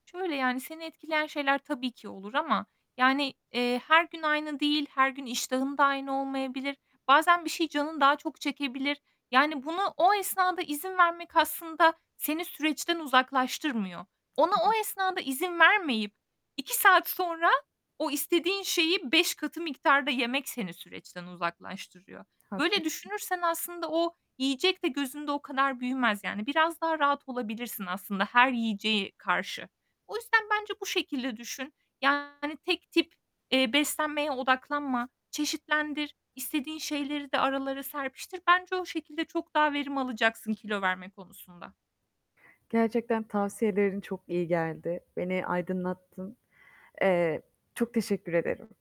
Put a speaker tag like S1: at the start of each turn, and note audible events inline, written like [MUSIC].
S1: Şöyle, yani, seni etkileyen şeyler tabii ki olur ama, yani, eee, her gün aynı değil, her gün iştahın da aynı olmayabilir. Bazen bir şeyi canın daha çok çekebilir. Yani bunu o esnada izin vermek aslında seni süreçten uzaklaştırmıyor. Ona o esnada izin
S2: [UNINTELLIGIBLE]
S1: vermeyip 2 saat sonra o istediğin şeyi 5 katı miktarda yemek seni süreçten uzaklaştırıyor. Böyle
S2: Haklısın.
S1: düşünürsen aslında o yiyecek de gözünde o kadar büyümez yani. Biraz daha rahat olabilirsin aslında her yiyeceğe karşı. O yüzden bence bu şekilde düşün. Yani, tek tip, eee, beslenmeye odaklanma. Çeşitlendir. İstediğin şeyleri de aralara serpiştir. Bence o şekilde çok daha verim alacaksın kilo verme konusunda.
S2: Gerçekten tavsiyelerin çok iyi geldi. Beni aydınlattın. Eee, çok teşekkür ederim.